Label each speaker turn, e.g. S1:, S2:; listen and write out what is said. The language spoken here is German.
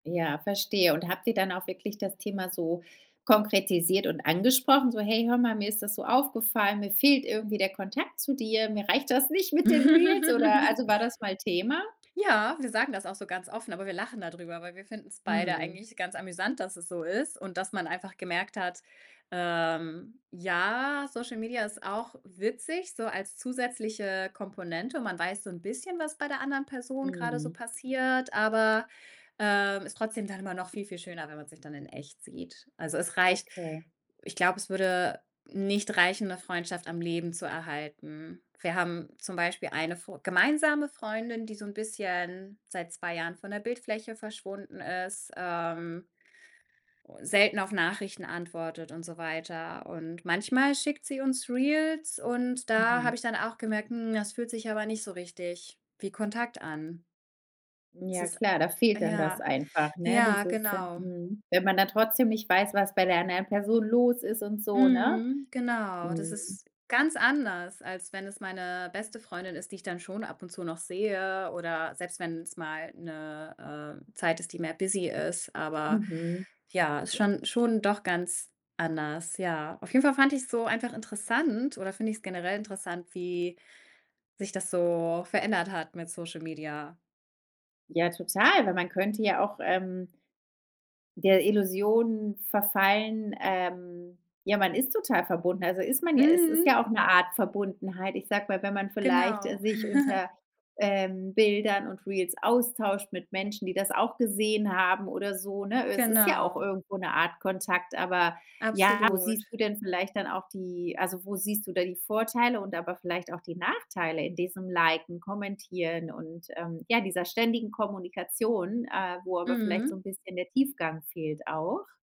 S1: Ja, verstehe, und habt ihr dann auch wirklich das Thema so konkretisiert und angesprochen? So: „Hey, hör mal, mir ist das so aufgefallen, mir fehlt irgendwie der Kontakt zu dir, mir reicht das nicht mit den Reels“, oder also, war das mal Thema?
S2: Ja, wir sagen das auch so ganz offen, aber wir lachen da drüber, weil wir finden‘s beide
S1: Mhm.
S2: eigentlich ganz amüsant, dass es so ist und dass man einfach gemerkt hat, ähm ja, Social Media ist auch witzig so als zusätzliche Komponente. Man weiß so ‘n bisschen, was bei der anderen Person grade so
S1: Mhm.
S2: passiert, aber, ähm, ist trotzdem dann immer noch viel, viel schöner, wenn man sich dann in echt sieht. Also, es reicht
S1: Okay.
S2: ich glaube, es würde nicht reichen, ‘ne Freundschaft am Leben zu erhalten. Wir haben zum Beispiel eine Fr gemeinsame Freundin, die so ‘n bisschen seit 2 Jahren von der Bildfläche verschwunden ist, ähm, u selten auf Nachrichten antwortet und so weiter, und manchmal schickt sie uns Reels und da
S1: Mhm.
S2: habe ich dann auch gemerkt, hm, es fühlt sich aber nicht so richtig wie Kontakt an. Es
S1: Ja
S2: ist
S1: klar, da fehlt dann das
S2: ja,
S1: einfach, ne,
S2: ja,
S1: dieses sen
S2: genau.
S1: mhm. Wenn man dann trotzdem nicht weiß, was bei der anderen Person los ist und so, ne?
S2: Mhm, genau. Das
S1: Mhm.
S2: ist ganz anders, als wenn es meine beste Freundin ist, die ich dann schon ab und zu noch sehe oder selbst wenn‘s mal ‘ne, äh, Zeit ist, die mehr busy ist. Aber
S1: Mhm.
S2: ja, ist schon schon doch ganz anders, ja. Auf jeden Fall fand ich‘s so einfach interessant oder finde ich‘s generell interessant, wie sich das so verändert hat mit Social Media.
S1: Ja, total, weil man könnte ja auch, ähm der Illusion verfallen, ähm ja, man ist total verbunden, also ist man ja es ist
S2: Mhm.
S1: ja auch ‘ne Art Verbundenheit. Ich sage mal, wenn man vielleicht, äh,
S2: Genau.
S1: sich unter, ähm, Bildern und Reels austauscht mit Menschen, die das auch gesehen haben oder so, ne? Es ist ja auch
S2: Genau.
S1: irgendwo ‘ne Art Kontakt, aber ja, wo siehst
S2: Absolut.
S1: du denn vielleicht dann auch die also, wo siehst du da die Vorteile und aber vielleicht auch die Nachteile in diesem Liken, Kommentieren und, ähm, ja, dieser ständigen Kommunikation, äh, wo aber vielleicht so
S2: Mhm.
S1: ‘n bisschen der Tiefgang fehlt auch?